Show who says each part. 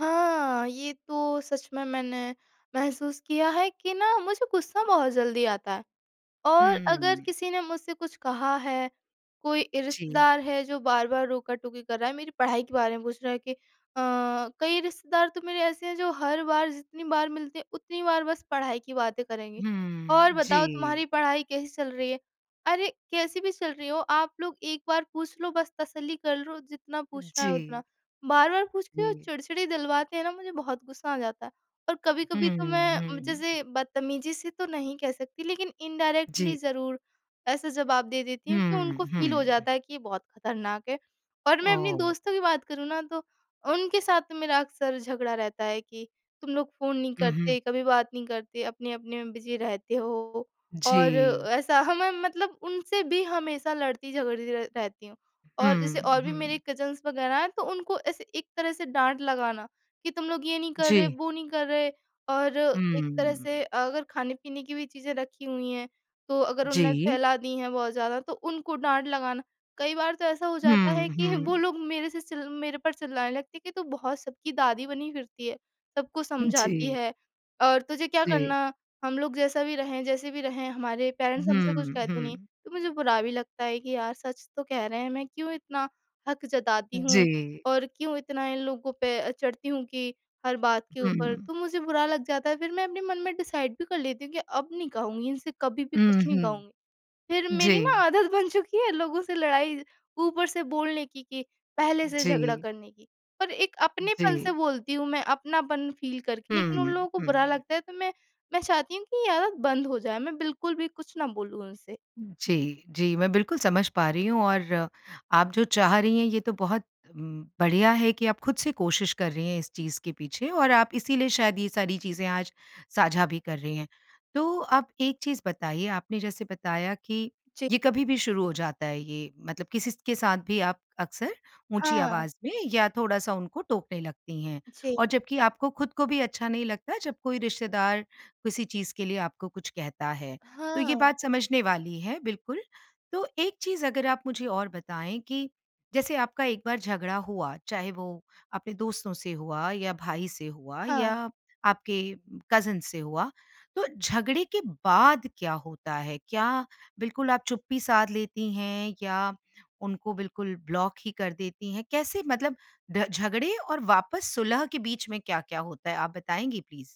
Speaker 1: हाँ, ये तो सच में मैंने महसूस किया है कि ना, मुझे गुस्सा बहुत जल्दी आता है। और अगर
Speaker 2: हम्म।
Speaker 1: किसी ने मुझसे कुछ कहा है, कोई
Speaker 2: जी।
Speaker 1: रिश्तेदार है जो बार-बार रोका-टोकी कर रहा है, मेरी पढ़ाई के बारे में पूछ रहा है कि अ, कई रिश्तेदार तो मेरे ऐसे हैं, जो हर बार जितनी बार मिलते हैं, उतनी बार बस पढ़ाई की बातें करेंगे। "और
Speaker 2: हम्म,
Speaker 1: बताओ,
Speaker 2: जी।
Speaker 1: तुम्हारी पढ़ाई कैसी चल रही है?" अरे, कैसी भी चल रही हो, आप लोग एक बार पूछ लो, बस तसल्ली कर लो जितना पूछना है उतना।
Speaker 2: जी।
Speaker 1: बार-बार पूछ के, वो
Speaker 2: जी।
Speaker 1: चिड़चिड़ी दिलवाते हैं ना, मुझे बहुत गुस्सा आ जाता है। और कभी-कभी तो
Speaker 2: हुँ,
Speaker 1: मैं
Speaker 2: हुँ।
Speaker 1: जैसे, बदतमीज़ी से तो नहीं कह सकती लेकिन इंडायरेक्टली
Speaker 2: जी।
Speaker 1: ज़रूर, ऐसा जवाब दे देती हूँ, कि
Speaker 2: हुँ,
Speaker 1: उनको फ़ील हो
Speaker 2: हुँ।
Speaker 1: जाता है कि ये बहुत खतरनाक है। और मैं अपने
Speaker 2: ओह!
Speaker 1: दोस्तों की बात करूँ ना, तो उनके साथ तो मेरा अक्सर झगड़ा रहता है कि, "तुम लोग फ़ोन नहीं
Speaker 2: हुँ, हुँ।
Speaker 1: करते, कभी बात नहीं करते, अपने-अपने में बिज़ी रहते हो" और
Speaker 2: जी।
Speaker 1: ऐसा। हमें मतलब उनसे भी हमेशा लड़ती-झगड़ती र रहती हूँ। और जैसे
Speaker 2: हुँ,
Speaker 1: और भी मेरी
Speaker 2: हुँ।
Speaker 1: कज़िन्स वग़ैरह हैं तो उनको ऐसे एक तरह से डाँट लगाना, कि "तुम लोग ये नहीं कर रहे,
Speaker 2: जी।
Speaker 1: वो नहीं कर रहे" और एक तरह से
Speaker 2: हुँ।
Speaker 1: अगर खाने-पीने की भी चीज़ें रखी हुई हैं तो अगर उनने
Speaker 2: जी।
Speaker 1: फैला दी हैं बहुत ज़्यादा, तो उनको डाँट लगाना। कई बार तो ऐसा हो जाता
Speaker 2: हुँ,
Speaker 1: है, कि वो
Speaker 2: हुँ।
Speaker 1: लोग मेरे से चिल मेरे पर चिल्लाने लगते हैं कि "तू बहुत सबकी दादी बनी फिरती है, सबको समझाती
Speaker 2: जी।
Speaker 1: है और तुझे क्या
Speaker 2: जी।
Speaker 1: करना? हम लोग जैसा भी रहें जैसे भी रहें, हमारे पेरेंट्स हमसे कुछ
Speaker 2: हुँ,
Speaker 1: कहते नहीं।"
Speaker 2: हुँ।
Speaker 1: तो मुझे बुरा भी लगता है कि यार सच तो कह रहे हैं, मैं क्यों इतना हक जताती हूँ
Speaker 2: जी।
Speaker 1: और क्यों इतना इन लोगों पे अ, चढ़ती हूँ कि हर बात के ऊपर,
Speaker 2: हुँ।
Speaker 1: तो मुझे बुरा लग जाता है फिर मैं अपने मन में डिसाइड भी कर लेती हूँ कि अब नहीं कहूँगी इनसे कभी भी
Speaker 2: हुँ,
Speaker 1: कुछ नहीं
Speaker 2: हुँ।
Speaker 1: कहूँगी। फिर मेरी ना,
Speaker 2: जी।
Speaker 1: आदत बन चुकी है लोगों से लड़ाई ऊपर से बोलने की, कि पहले से झगड़ा
Speaker 2: जी।
Speaker 1: करने की। और एक अपनेपन से
Speaker 2: जी।
Speaker 1: बोलती हूँ, मैं अपनापन फ़ील करके लेकिन उन
Speaker 2: हुँ,
Speaker 1: लोगों को बुरा
Speaker 2: हुँ।
Speaker 1: लगता है तो मैं, मैं चाहती हूँ, कि ये आदत बंद हो जाए मैं बिल्कुल भी कुछ ना बोलूँ उनसे।
Speaker 2: जी, जी, मैं बिल्कुल समझ पा रही हूँ और, आप जो चाह रही हैं ये तो बहुत उम, बढ़िया है कि आप खुद से कोशिश कर रही हैं इस चीज़ के पीछे और आप इसीलिए शायद ये सारी चीज़ें आज साझा भी कर रही हैं। तो आप एक चीज़ बताइए, आपने जैसे बताया कि
Speaker 1: जी।
Speaker 2: ये कभी भी शुरू हो जाता है, ये मतलब किसी स के साथ भी आप अक्सर ऊँची
Speaker 1: हाँ।
Speaker 2: आवाज़ में या थोड़ा-सा उनको टोकने लगती हैं।
Speaker 1: जी।
Speaker 2: और जबकि आपको खुद को भी अच्छा नहीं लगता, जब कोई रिश्तेदार किसी चीज़ के लिए आपको कुछ कहता है। तो ये
Speaker 1: हाँ।
Speaker 2: बात समझने वाली है, बिल्कुल। तो एक चीज़ अगर आप मुझे और बताएँ कि, जैसे आपका एक बार झगड़ा हुआ, चाहे वो अपने दोस्तों से हुआ या भाई से हुआ
Speaker 1: हाँ।
Speaker 2: या आपके कज़िन्स से हुआ, तो झगड़े के बाद क्या होता है? क्या बिल्कुल आप चुप्पी साध लेती हैं? या उनको बिल्कुल ब्लॉक ही कर देती हैं? कैसे मतलब द झगड़े और वापस सुलह के बीच में क्या-क्या होता है? आप बताएँगी प्लीज़?